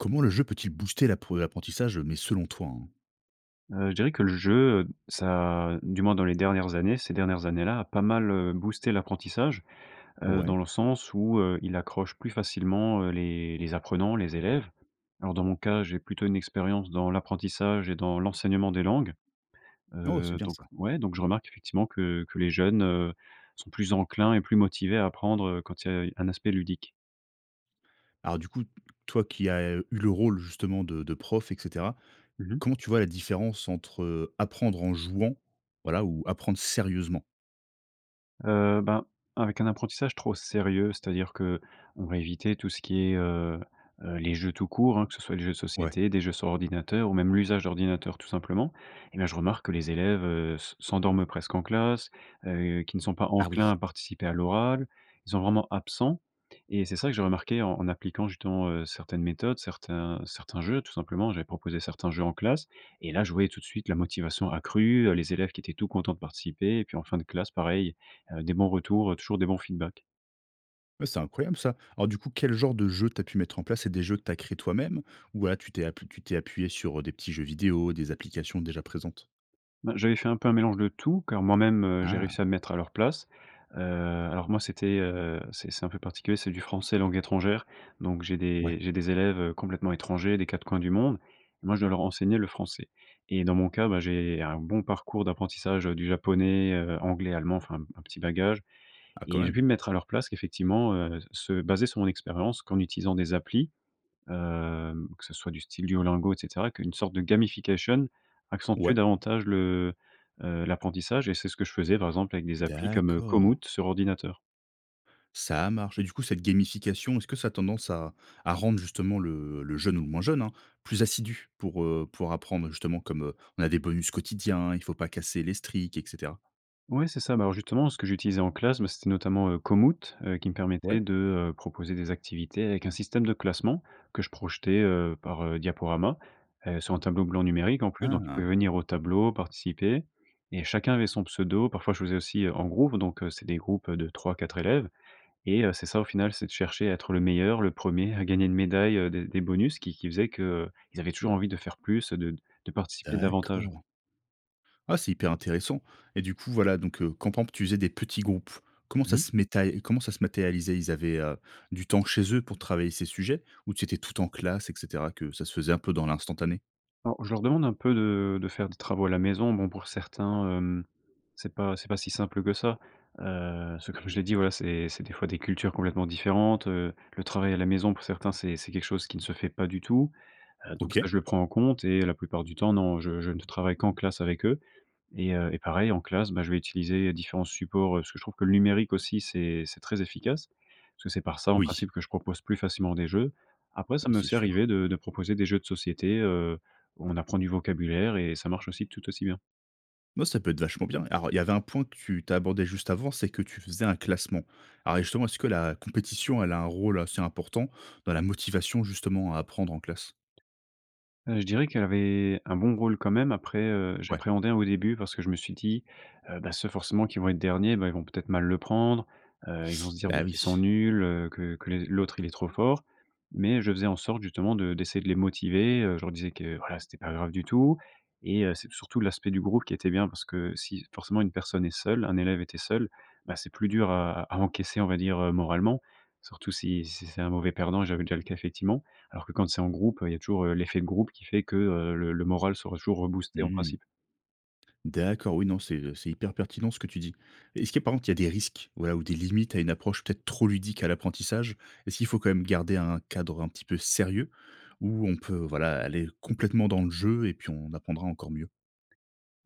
Comment le jeu peut-il booster l'apre l'apprentissage, mais selon toi, hein? Heu, je dirais que le jeu, heu, ça du moins dans les dernières années ces dernières années-là, a pas mal, heu, boosté l'apprentissage, heu, Ouais. dans le sens où, heu, il accroche plus facilement, heu, les les apprenants, les élèves. Alors, dans mon cas, j'ai plutôt une expérience dans l'apprentissage et dans l'enseignement des langues. Oh, c'est Heu, bien donc, ça! ouais, donc, je remarque effectivement que que les jeunes, heu, sont plus enclins et plus motivés à apprendre, heu, quand il y a un aspect ludique. Alors du coup, toi qui as eu le rôle, justement, de de prof et cetera. Mmh mh. Comment tu vois la différence entre apprendre en jouant, voilà, ou apprendre sérieusement? Heu, ben, avec un apprentissage trop sérieux, c'est-à-dire qu'on va éviter tout ce qui est, heu, heu, les jeux, tout court, hein, que ce soit les jeux de Ouais. société, des jeux sur ordinateur ou même l'usage d'ordinateur, tout simplement. Et bah, je remarque que les élèves se s'endorment presque en classe, heu, qu'ils ne sont pas Ah enclins oui! à participer à l'oral. Ils sont vraiment absents, et c'est ça que j'ai remarqué en appliquant justement, heu, certaines méthodes, certains certains jeux, tout simplement. J'avais proposé certains jeux en classe et là, je voyais, tout de suite, la motivation accrue, les élèves qui étaient tout contents de participer. Et puis, en fin de classe, pareil, heu, des bons retours, toujours des bons feedbacks. Ouais, c'est incroyable ça! Alors, du coup, quel genre de jeu tu as pu mettre en place, c’est des jeux que tu as créé toi-même? Ou, voilà, tu t'es appu tu t'es appuyé sur, heu, des petits jeux vidéo, des applications déjà présentes? Ben j'avais fait un peu un mélange de tout, car moi-même, heu, j'ai Ah! réussi à me mettre à leur place. Heu, alors moi, c'était, heu, c'est c'est un peu particulier. C'est du français langue étrangère. Donc j'ai Ouais. des j'ai des élèves, heu, complètement étrangers, des 4 coins du monde. Et moi, je dois leur enseigner le français. Et dans mon cas, bah, j'ai un bon parcours d'apprentissage, heu, du japonais, heu, anglais, allemand, enfin un petit bagage. Ah quand Et j'ai pu même. me mettre à leur place effectivement, heu, se baser sur mon expérience qu'en utilisant des applis. Hem, que ce soit du style Duolingo et cetera, qu'une sorte de gamification accentuait Ouais. davantage le, heu, l'apprentissage. Et c'est ce que je faisais, par exemple, avec des applis comme D'accord. Komoot sur ordinateur. Ça a marché. Du coup, cette gamification est-ce que ça a tendance à à rendre justement le le jeune, ou moins jeune, hein, plus assidu? Pour, heu, pour apprendre justement comme, heu, on a des bonus quotidiens, il faut pas casser les streak, et cetera. Ouais, c'est ça. Bah, alors justement, ce que j'utilisais en classe, bah, c'était notamment, heu, Komoot. Heu, qui me permettait Ouais. de, heu, proposer des activités avec un système de classement. Que je projetais, heu, par, heu, diaporama, et sur un tableau blanc numérique en plus. Donc, ils Ah! pouvaient venir au tableau, participer. Et chacun avait son pseudo. Parfois je faisais aussi, heu, en groupe, donc, heu, c'est des groupes, heu, de 3-4 élèves. Et heu, c'est ça au final, c'est de chercher à être le meilleur, le 1er, à gagner une médaille, heu, des des bonus qui qui faisaient que, heu, ils avaient toujours envie de faire plus, heu, de de participer davantage. D'accord. Ah, c'est hyper intéressant. Et du coup voilà, donc, heu, quand pampe, tu faisais, des petits groupes. Comment Mmh ça mh. se metaé comment ça se matérialisait? Ils avaient, heu, du temps chez eux pour travailler ces sujets, ou c'était tout en classe, et cetera, que ça se faisait un peu dans l'instantané? Alors, je leur demande un peu de de faire des travaux à la maison. Bon, pour certains, hem, c'est pas c'est pas si simple que ça. Heu, parce que, comme je l'ai dit, voilà, c'est c'est des fois des cultures complètement différentes. Le travail à la maison, pour certains, c'est c'est quelque chose qui ne se fait pas du tout. Heu, donc, ça OK. je le prends en compte. Et la plupart du temps, non, je je ne travaille qu'en classe avec eux. Et heu, et pareil, en classe, bah, je vais utiliser différents supports, heu, parce que je trouve que le numérique aussi c'est c'est très efficace, parce que c'est par ça en Oui. principe que je propose plus facilement des jeux. Après ça Oui, m’est c'est aussi sûr. arrivé de de proposer des jeux de société, heu, où on apprend du vocabulaire et ça marche aussi, tout aussi bien. Bon, ça peut être vachement bien. Alors, il y avait un point que tu tu as abordé juste avant, c'est que tu faisais un classement. Alors, justement, est-ce que la compétition elle a un rôle assez important, dans la motivation justement à apprendre en classe? Heu, je dirais qu'elle avait un bon rôle quand même. Après, heu, Ouais. j'appréhendais au début, parce que je me suis dit: «Heu, bah, ceux forcément qui vont être derniers, bah, ils vont peut être mal le prendre. Heu, ils vont se dire, Bah beh, oui. qu'ils sont nuls, heu, que que les l'autre, il est trop fort», mais je faisais en sorte justement de d'essayer de les motiver, heu. Je leur disais que, voilà c'était pas grave du tout, et heu, c'est surtout l'aspect du groupe qui était bien, parce que si forcément, une personne est seule un élève était seul, bah, c'est plus dur à à à encaisser, on va dire, moralement, surtout, si si c'est un mauvais perdant. J'avais déjà eu le cas effectivement. Alors que quand c'est en groupe, heu, il y a toujours l'effet de groupe qui fait que, heu, le le moral sera toujours reboosté, en principe. Mmh. D'accord oui, non, c'est, heu, c'est hyper pertinent ce que tu dis. Est-ce qu'il y a, par contre il y a des risques? Voilà, ou des limites à une approche peut-être trop ludique à l'apprentissage? Est-ce qu'il faut quand même garder un cadre un petit peu sérieux ou on peut, voilà, aller complètement dans le jeu et puis on apprendra encore mieux?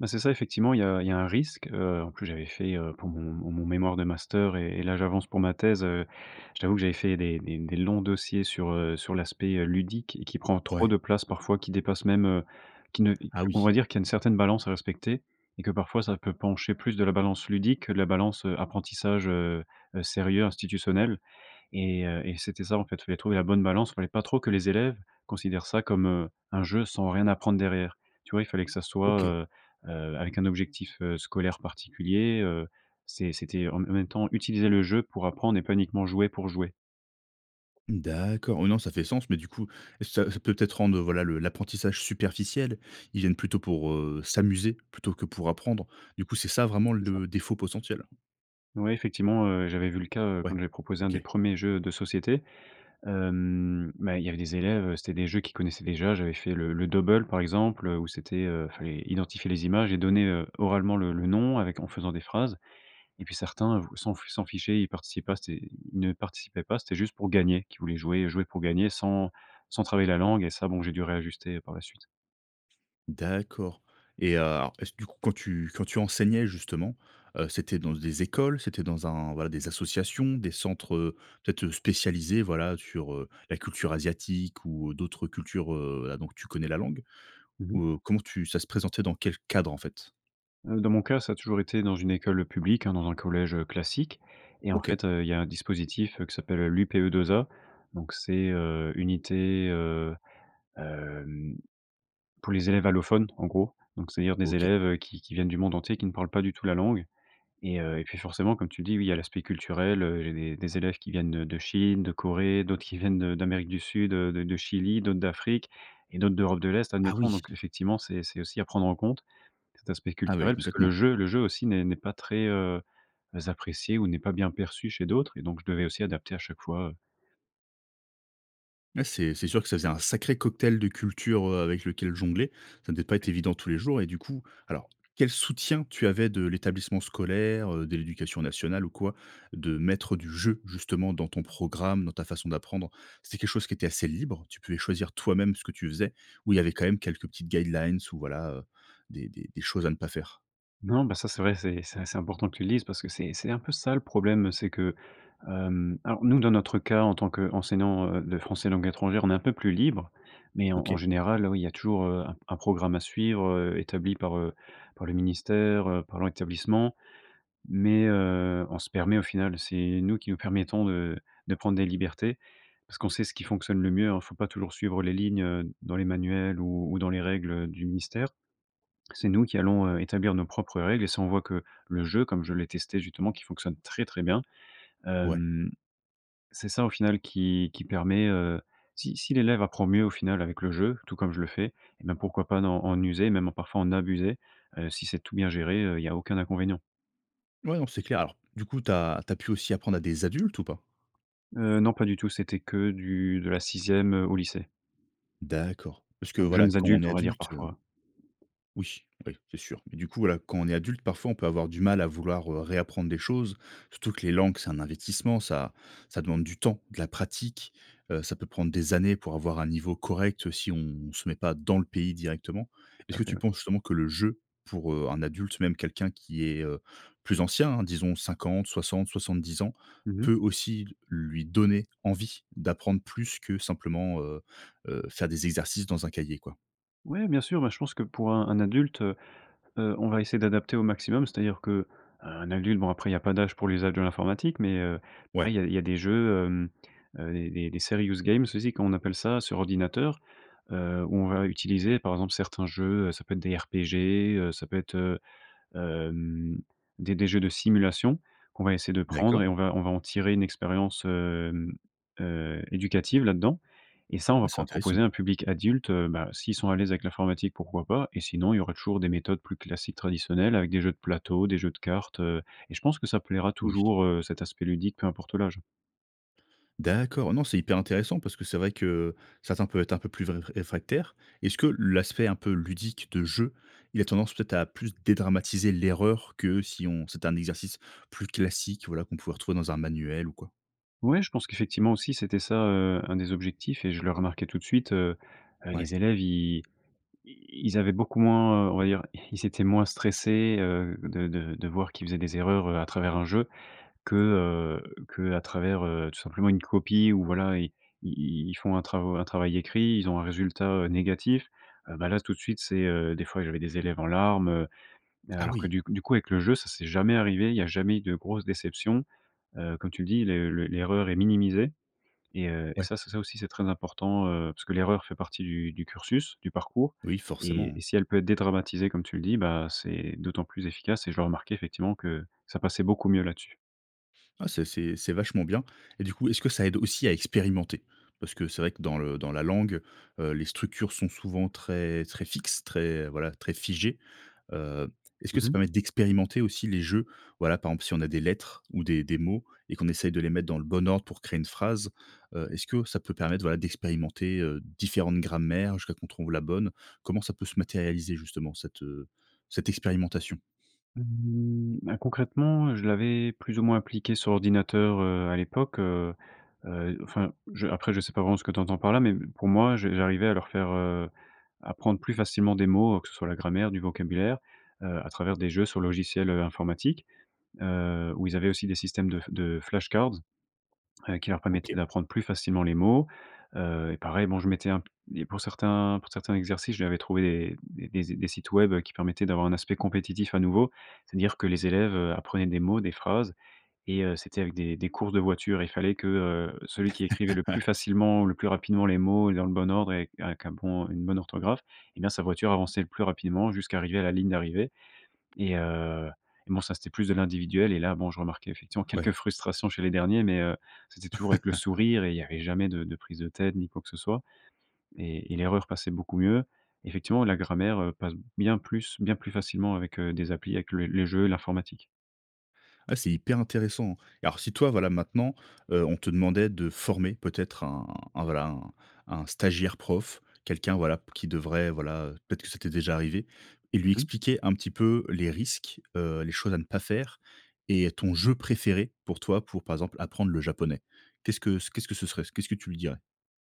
Bah, c'est ça, effectivement. Il y a il y a un risque. Heu, en plus j'avais fait, heu, pour mon mon mon mémoire de master et et là j'avance pour ma thèse, heu, je t'avoue que j'avais fait des des des longs dossiers sur, heu, sur l'aspect, heu, ludique et qui prend trop Ouais. de place parfois, qui dépasse même, heu, qui ne Ah on va oui. dire qu'il y a une certaine balance à respecter, et que parfois ça peut pencher plus de la balance ludique que de la balance, heu, apprentissage, heu heu, sérieux, institutionnel. Et heu, et c'était ça en fait, il fallait trouver la bonne balance. Il fallait pas trop que les élèves considèrent ça comme, heu, un jeu sans rien apprendre derrière. Tu vois? Il fallait que ça soit, OK. heu heu, avec un objectif, heu, scolaire particulier, heu. C'est c'était en m en même temps utiliser le jeu pour apprendre et pas uniquement jouer pour jouer. Mmh, d'accord. Oui, non, ça fait sens. Mais, du coup, est-ce que ça ça peut être rendre, heu, voilà, le l'apprentissage superficiel? Ils viennent plutôt pour, heu, s'amuser plutôt que pour apprendre. Du coup c'est ça vraiment C'est ça. le défaut potentiel? Ouais, effectivement, heu, j'avais vu le cas, heu, Ouais, quand j'avais proposé 1 des OK. 1ers jeux de société. Hem, mais il y avait des élèves, heu, c'était des jeux qu'ils connaissaient déjà. J'avais fait le le Dobble par exemple, heu, où c'était heu, il fallait identifier les images et donner, heu, oralement le le le nom avec en faisant des phrases. Et puis certains, v s'en f s'en fichaient, ils participent pas c'est- ils ne participaient pas. C'était juste pour gagner qu'ils voulaient jouer. Jouer pour gagner sans sans travailler la langue. Et ça, bon j'ai dû réajuster, par la suite. D'accord. Et heu, alors, est-ce, du coup, quand tu quand tu enseignais justement, heu, c'était dans des écoles? C'était dans un voilà, des associations, des centres, heu, peut-être, heu, spécialisés, voilà, sur, heu, la culture asiatique ou d'autres cultures heu, voilà, dont tu connais la langue? Mmh mh. Ou heu, comment tu ça se présentait, dans quel cadre en fait? Heu, dans mon cas, ça a toujours été dans une école publique, hein, dans un collège classique. Et en OK. fait, heu, il y a un dispositif, heu, qui s'appelle l'UPE2A. Donc c'est, heu, Unité, heu, hem, pour les Élèves Allophones, en gros, donc, c'est-à-dire des OK. élèves qui qui viennent du monde entier, qui ne parlent pas du tout la langue. Et heu, et puis forcément, comme tu dis, oui, il y a l'aspect culturel, heu. Il y a des des élèves qui viennent de de Chine, de Corée, d'autres qui viennent de d'Amérique du Sud, heu, de de Chili, d'autres d'Afrique et d'autres d'Europe de l'Est, Ah admettons. oui. Donc, effectivement, c'est c'est aussi à prendre en compte, cet aspect Ah ouais, culturel, puisque le complètement! jeu le jeu aussi n'est n'est pas très, heu, apprécié ou n'est pas bien perçu chez d'autres. Et donc, je devais aussi adapter à chaque fois, heu Ouais c'est c'est sûr que ça faisait un sacré cocktail de culture, heu, avec lequel jongler, ça devait pas être Ouais. évident tous les jours et du coup alors quel soutien tu avais de l'établissement scolaire, heu, de l'éducation nationale ou quoi? De mettre du jeu justement dans ton programme, dans ta façon d'apprendre, c'était quelque chose qui était assez libre? Tu pouvais choisir toi-même ce que tu faisais? Ou il y avait quand même quelques petites guidelines ou voilà, heu, des des des choses à ne pas faire? Non, ben, ça, c'est vrai, c'est c'est assez important que tu le dises parce que c'est c'est un peu ça le problème. Heu, c'est que hem, alors nous, dans notre cas, en tant qu'enseignant, heu, de français langue étrangère, on est un peu plus libre mais en en OK. général, heu, oui, il y a toujours, heu, un un programme à suivre, heu, établi par, heu, par le ministère, heu, par l'établissement mais, heu, on se permet au final, c'est nous qui nous permettons de de prendre des libertés parce qu'on sait ce qui fonctionne le mieux. Alors il faut pas toujours suivre les lignes, heu, dans les manuels ou ou dans les règles, heu, du ministère. C'est nous qui allons, heu, établir nos propres règles et ça, on voit que le jeu, comme je l'ai testé justement, qui fonctionne très, très bien. Ouais. Hem, c'est ça au final qui qui permet, heu si si l'élève apprend mieux au final avec le jeu, tout comme je le fais, et ben, pourquoi pas dans en user, même parfois en abuser. Heu, si c'est tout bien géré, heu, il y a aucun inconvénient. Ouais non c'est clair, alors du coup tu as tu as pu aussi apprendre à des adultes ou pas? Heu, non, pas du tout. C'était que du de la 6e, heu, au lycée. D'accord, parce que Donc voilà, jeunes quand on adultes, est on va dire adulte, heu parfois. Oui, oui, c'est sûr. Mais du coup voilà, quand on est adulte, parfois, on peut avoir du mal à vouloir, heu, réapprendre des choses. Surtout que les langues, c'est un investissement, ça ça demande du temps, de la pratique. Heu, ça peut prendre des années pour avoir un niveau correct si on se met pas dans le pays directement. Tout Est-ce à que fait, tu ouais. penses justement que le jeu pour, heu, un adulte, même quelqu'un qui est, heu, plus ancien, hein disons 50-60-70 ans, Mmh mh. peut aussi lui donner envie d'apprendre plus que simplement, heu, heu, faire des exercices dans un cahier quoi? Ouais bien sûr, ben, je pense que pour un un adulte, heu, heu, on va essayer d'adapter au maximum, c'est-à-dire qu'un adulte, bon après il y a pas d'âge pour l'usage de l'informatique, mais, heu, ouais Ouais. il y a il y a des jeux, hem, heu, des des des serious games, aussi comme on appelle ça sur ordinateur, heu, où on va utiliser par exemple certains jeux, heu, ça peut être des RPG, heu, ça peut être, heu, hem, des des jeux de simulation qu'on va essayer de prendre D'accord. et on va on va en tirer une expérience, hem, heu, éducative là-dedans et ça on va Ouais, c'est pouvoir intéressant. proposer à un public adulte, heu, bah, s'ils sont à l'aise avec l'informatique pourquoi pas? Et sinon il y aura toujours des méthodes plus classiques traditionnelles avec des jeux de plateau, des jeux de cartes, heu, et je pense que ça plaira Oui. toujours, heu, cet aspect ludique peu importe l'âge. D'accord. Non, c'est hyper intéressant parce que c'est vrai que, heu, certains peuvent être un peu plus vré réfractaires. Est-ce que l'aspect un peu ludique de jeu, il a tendance peut-être à plus dédramatiser l'erreur que si on c'était un exercice plus classique voilà qu'on pouvait retrouver dans un manuel ou quoi? Ouais, je pense qu'effectivement aussi, c'était ça, heu, un des objectifs et je le remarquais tout de suite, heu, heu, Ouais. les élèves, ils ils ils avaient beaucoup moins, heu, on va dire, ils étaient moins stressés, heu, de de de voir qu'ils faisaient des erreurs, heu, à travers un jeu que, heu, qu'à travers, heu, tout simplement une copie ou voilà. Ils ils ils font un travaux un travail écrit. Ils ont un résultat, heu, négatif. Heu, bah, là tout de suite, c'est, heu, des fois, j'avais des élèves en larmes, heu, heu, Ah alors que oui. du coup du coup, avec le jeu, ça c'est jamais arrivé. Il y a jamais eu de grosses déceptions. Heu, comme tu le dis, les le l'erreur est minimisée et, heu, et Ouais. ça c'est ça aussi c'est très important, heu, parce que l'erreur fait partie du du cursus, du parcours Oui, et et forcément. si elle peut être dédramatisée, comme tu le dis, bah, c'est d'autant plus efficace et je le remarquais effectivement que ça passait beaucoup mieux là-dessus. Ah, c'est c'est c'est vachement bien. Et du coup, est-ce que ça aide aussi à expérimenter? Parce que c'est vrai que dans le dans la langue, heu, les structures sont souvent très très fixes, très voilà très figées. Heu, est-ce que Mmh ça mh. permet d'expérimenter aussi les jeux? Voilà, par exemple, si on a des lettres ou des des mots et qu'on essaye de les mettre dans le bon ordre pour créer une phrase? Heu, est-ce que ça peut permettre, voilà, d'expérimenter, heu, différentes grammaires, jusqu'à qu'on trouve la bonne, comment ça peut se matérialiser justement cette, heu, cette expérimentation? Mmh ben, concrètement, je l'avais plus ou moins appliqué sur ordinateur, heu, à l'époque, heu. Heu, enfin, je après je sais pas vraiment ce que tu entends par là. Mais m pour moi, je j'arrivais à leur faire, heu, apprendre plus facilement des mots, que ce soit la grammaire, du vocabulaire. Heu, à travers des jeux sur logiciels, heu, informatiques. Heu, où ils avaient aussi des systèmes de f de flashcards, heu, qui leur permettaient OK. d'apprendre plus facilement les mots. Heu, et pareil, bon, je mettais un p et pour certains pour certains exercices, je lui avais trouvé des des des sites web qui permettaient d'avoir un aspect compétitif à nouveau. C'est-à-dire que les élèves, heu, apprenaient des mots, des phrases. Et heu, c'était avec des des courses de voitures. Et il fallait que celui qui écrivait le plus facilement, le plus rapidement les mots et dans le bon ordre et avec et avec un bon une bonne orthographe. Et ben sa voiture avançait le plus rapidement jusqu'à arriver à la ligne d'arrivée. Et heu et bon, ça, c'était plus de l'individuel. Et là, bon, je remarquais effectivement Ouais. quelques frustrations chez les derniers. Mais, heu, c'était toujours avec le sourire et il y avait jamais de de prise de tête ni quoi que ce soit. Et et l'erreur passait beaucoup mieux. Effectivement, la grammaire, heu, passe bien plus bien plus facilement avec, heu, des applis avec le les jeux et l'informatique. Bah, c'est hyper intéressant. Alors, si, toi, voilà, maintenant, heu, on te demandait de former peut-être un un voilà, un un stagiaire prof. Quelqu'un voilà, qui devrait voilà peut-être que ça t'es déjà arrivé. Et lui Mmh mh. expliquer un petit peu les risques. Heu, les choses à ne pas faire et ton jeu préféré pour toi pour, par exemple, apprendre le japonais. Qu'est-ce que c qu'est-ce que ce serait? Qu'est-ce que tu lui dirais?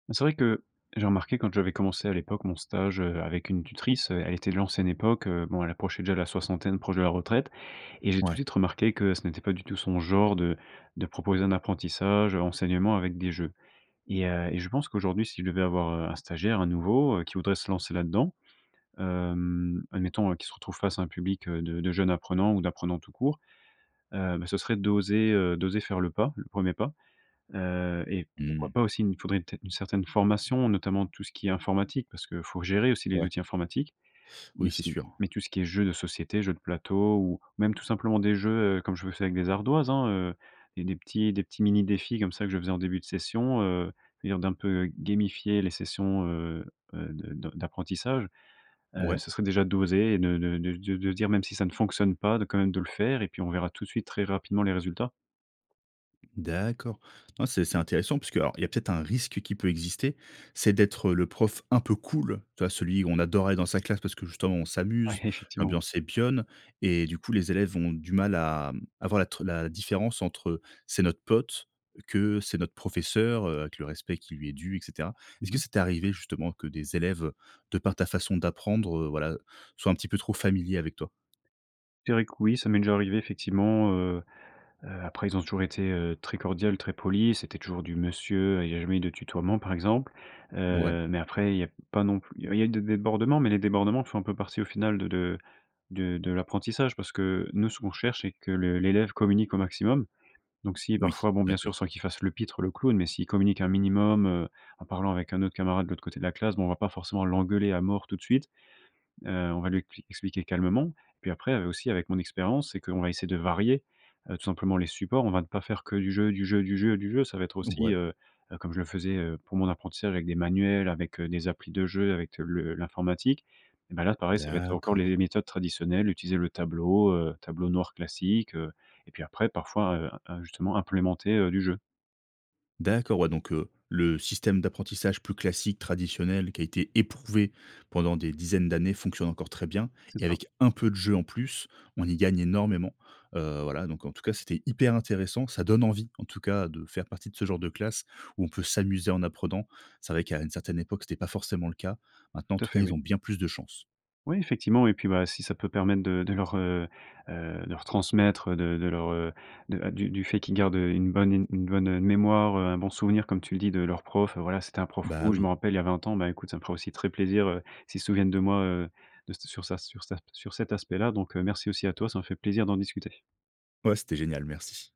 Bah, c'est vrai que, j'ai remarqué quand j'avais commencé à l'époque mon stage, heu, avec une tutrice, elle était de l'ancienne époque. Heu, bon elle approchait déjà la soixantaine, proche de la retraite. Et j'ai tout de Ouais. suite remarqué que ce n'était pas du tout son genre de de proposer un apprentissage, enseignement avec des jeux. Et heu, et je pense qu'aujourd'hui, si je devais avoir, heu, un stagiaire, un nouveau, qui voudrait se lancer là-dedans. Hem, admettons, hein, qu'il se retrouve face à un public de de jeunes apprenants ou d'apprenants tout court. Heu, bah, ce serait d'oser, heu, d'oser faire le pas, le 1er pas. Heu, et pourquoi Mmh. pas aussi mais il faudrait un t une certaine formation, notamment tout ce qui est informatique. Parce qu'il faut gérer aussi les Ouais. outils informatiques. Mais Oui, c'est si sûr. mais tout ce qui est jeu de société, jeu de plateau ou, même tout simplement des jeux, heu, comme je le fais avec des ardoises, hein. Heu, et des petits des petits mini défis, comme ça, que je faisais en début de session, heu, on va dire d'un peu gamifier les sessions, heu, heu, de de d'apprentissage. Heu, Ouais. ce serait déjà d'oser de de de de de dire même si ça ne fonctionne pas, de, quand même, de le faire et puis on verra tout de suite très rapidement les résultats. D'accord. Non, c'est c'est intéressant. Parce qu'alors, il y a peut-être, un risque qui peut exister, c'est d'être le prof un peu cool. Tu vois celui où on adore aller dans sa classe. Parce que, justement, on Ouais, s'amuse, effectivement. l'ambiance est bonne et du coup les élèves vont du mal à avoir être la différence entre, c'est notre pote que c'est notre professeur heu, avec le respect qui lui est dû, et cetera. Est ce Mmh que mh. ça t'es arrivé, justement, que des élèves, de par ta façon d'apprendre, heu, voilà, soient un petit peu trop familiers avec toi? Je dirais que oui. Ça m'est déjà arrivé effectivement, heu. Heu, après, ils ont toujours été, heu, très cordiales, très polis. C'était toujours du monsieur, il y a jamais de tutoiement, par exemple. Ouais. Heu, mais après, il y a pas non plus il y a eu des débordements, mais les débordements font un peu partie au final de de de de l'apprentissage parce que nous, ce qu'on cherche, c'est que l'élève communique au maximum. Donc si Oui, parfois, bon, bien sûr, d'accord. sans qu'il fasse le pitre, le clown. Mais s'il communique un minimum, heu, en parlant avec un autre camarade de l'autre côté de la classe. Bon on va pas forcément l'engueuler à mort tout de suite. Heu, on va lui expli expliquer calmement. Puis après, heu, aussi avec mon expérience. C'est qu'on va essayer de varier, heu, tout simplement les supports. On va ne pas faire que du jeu, du jeu, du jeu, du jeu. Ça va être aussi, Ouais. heu, heu, comme je le faisais, heu, pour mon apprentissage avec des manuels, avec des applis de jeu, avec le l'informatique. Et bah, là, pareil, ça va être encore D'accord! les méthodes traditionnelles. Utiliser le tableau, heu, tableau noir classique, heu. Et puis après parfois, heu, justement implémenter, heu, du jeu. D'accord. Ouais, donc, heu, le système d'apprentissage plus classique traditionnel qui a été éprouvé pendant des dizaines d'années fonctionne encore très bien. C'est Et ça. avec un peu de jeu en plus, on y gagne énormément, heu, voilà. Donc, en tout cas c'était hyper intéressant. Ça donne envie en tout cas de faire partie de ce genre de classe où on peut s'amuser en apprenant. C'est vrai qu'à une certaine époque, c'était pas forcément le cas. Maintenant, en Tout à tout cas, fait, oui. ils ont bien plus de chance. Oui effectivement. Et puis, bah, si ça peut permettre de de leur, heu, heu, de leur transmettre, de de leur, heu, du du fait qu'ils gardent une bonne une une bonne mémoire, heu, un bon souvenir comme tu le dis de leur prof. Voilà, c'était un prof Bah, cool je me oui. rappelle il y a 20 ans. Bah, écoute, ça me ferait aussi très plaisir, heu, s'ils se souviennent de moi, heu, de sur sur sa sur sa sur cet aspect-là. Donc, heu, merci aussi à toi. Ça m'a fait plaisir d'en discuter. Ouais. C'était génial, merci.